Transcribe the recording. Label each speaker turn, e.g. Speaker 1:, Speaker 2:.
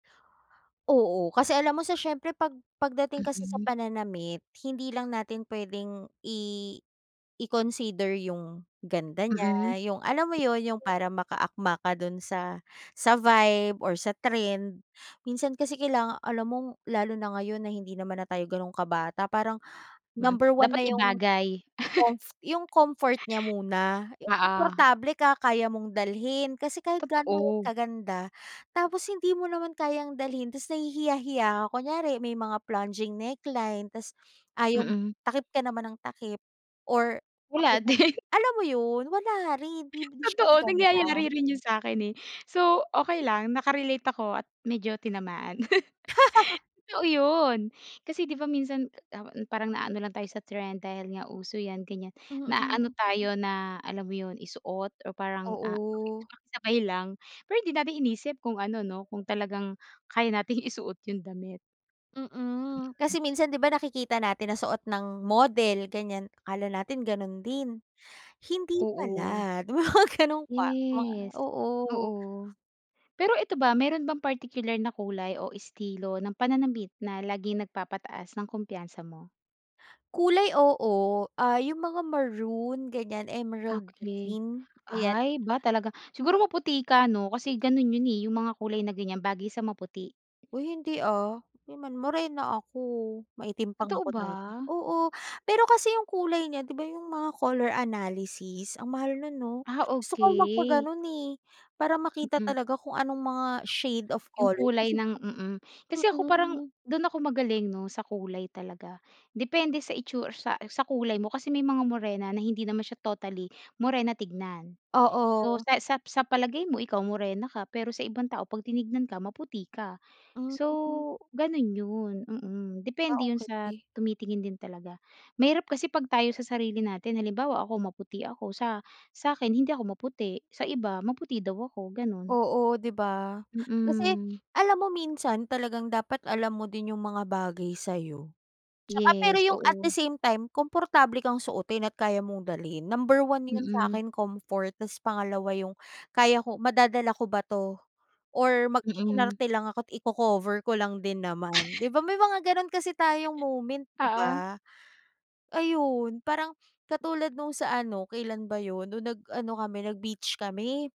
Speaker 1: Oo kasi alam mo sa siyempre pag pagdating kasi sa
Speaker 2: Mm.
Speaker 1: pananamit hindi lang natin pwedeng i i-consider yung ganda niya
Speaker 2: Mm.
Speaker 1: yung alam mo yun yung
Speaker 2: Yes.
Speaker 1: parang maka-akma ka dun sa sa vibe or sa trend, minsan kasi kailangan alam mong lalo na ngayon na hindi naman na tayo ganun ka-bata parang
Speaker 2: Hmm,
Speaker 1: number one
Speaker 2: dapat
Speaker 1: na yung,
Speaker 2: ibagay.
Speaker 1: yung comft yung comfort niya muna, yung
Speaker 2: Oo.
Speaker 1: komportable ka kaya mong dalhin kasi kahit gaano ka
Speaker 2: Totoo.
Speaker 1: ka-ganda tapos hindi mo naman kayang dalhin tas nahihiya hiya kunyari may mga plunging neckline tas ayaw
Speaker 2: Mm.
Speaker 1: takip ka naman ng takip or
Speaker 2: Wala
Speaker 1: [unintelligible]
Speaker 2: din.
Speaker 1: alam mo yun? Wala rin di di siya
Speaker 2: Totoo nangyayari
Speaker 1: maganda.
Speaker 2: rin yun sakin, eh. So okey lang, naka-relate ako at medyo tinamaan. Totoo yun kasi di ba minsan parang na-ano lang tayo sa trend dahil nga uso yan ganyan, na-aano
Speaker 1: Mm.
Speaker 2: tayo na alam mo yun, isuot o parang, ah,
Speaker 1: Oo.
Speaker 2: [unintelligible] makisabay lang, pero hindi natin iniisip kung ano no kung talagang kaya nating isuot yung damit.
Speaker 1: Mm,
Speaker 2: Mm.
Speaker 1: kasi minsan di ba nakikita natin na suot ng model ganyan akala natin ganun din hindi pala
Speaker 2: Oo.
Speaker 1: yung mga ganun pa
Speaker 2: Yes.
Speaker 1: oo.
Speaker 2: Oo. Pero eto ba meron bang particular na kulay o estilo ng pananamit na laging nag-papataas ng kumpiyansa mo?
Speaker 1: Kulay oo, ah, yung mga maroon ganyan, emerald
Speaker 2: Okey.
Speaker 1: green, ayan.
Speaker 2: Ay iba talaga. Siguro maputi ka ano? Kasi ganun yun, eh, yung mga kulay na ganyan bagay sa maputi.
Speaker 1: Uy hindi, ah, morena ako, maitim pa nga
Speaker 2: Totoo
Speaker 1: ako
Speaker 2: ba?
Speaker 1: dati, oo, pero kasi yung kulay niya di ba yung mga color analysis ang mahal nun no?
Speaker 2: Ah,
Speaker 1: Gusto ko
Speaker 2: okey.
Speaker 1: magpa-ganun, eh, para makita
Speaker 2: Mm.
Speaker 1: talaga kung anong mga shade of
Speaker 2: Yung
Speaker 1: colors.
Speaker 2: kulay
Speaker 1: Kasi
Speaker 2: ng mm. Kasi ako parang
Speaker 1: Mm.
Speaker 2: dun ako magaling no sa kulay talaga. Depende sa itsu sa sa kulay mo kasi may mga morena na hindi naman siya totally morena tignan. So
Speaker 1: Oo.
Speaker 2: sa sa sa palagay mo ikaw morena ka pero sa ibang tao pag tiningnan ka maputi ka. So
Speaker 1: Mm.
Speaker 2: ganun yun, mm.
Speaker 1: Ah,
Speaker 2: Depende yun sa
Speaker 1: okey.
Speaker 2: tumitingin din talaga, mahirap kasi pag tayo sa sarili natin halimbawa ako maputi ako sa sa'kin hindi ako maputi, sa iba maputi daw ako, ganun.
Speaker 1: Oo di ba? Kasi,
Speaker 2: Mm.
Speaker 1: alam mo minsan talagang dapat alam mo din yung mga bagay sayo. Tsaka pero
Speaker 2: Yes,
Speaker 1: yung at the
Speaker 2: oo.
Speaker 1: same time, komportable kang suotin at kaya mong dalhin number one yun
Speaker 2: Mm.
Speaker 1: sakin comfort tas pangalawa yung kaya ko, madadala ko ba to, or
Speaker 2: Mm.
Speaker 1: mag-iinarte lang ako't i-cocover ko lang din naman di ba may mga ganun kasi tayong moment di
Speaker 2: Oo.
Speaker 1: ba? Ayun parang katulad nung sa ano, kailan ba yun nung nag-ano kami nag-beach kami.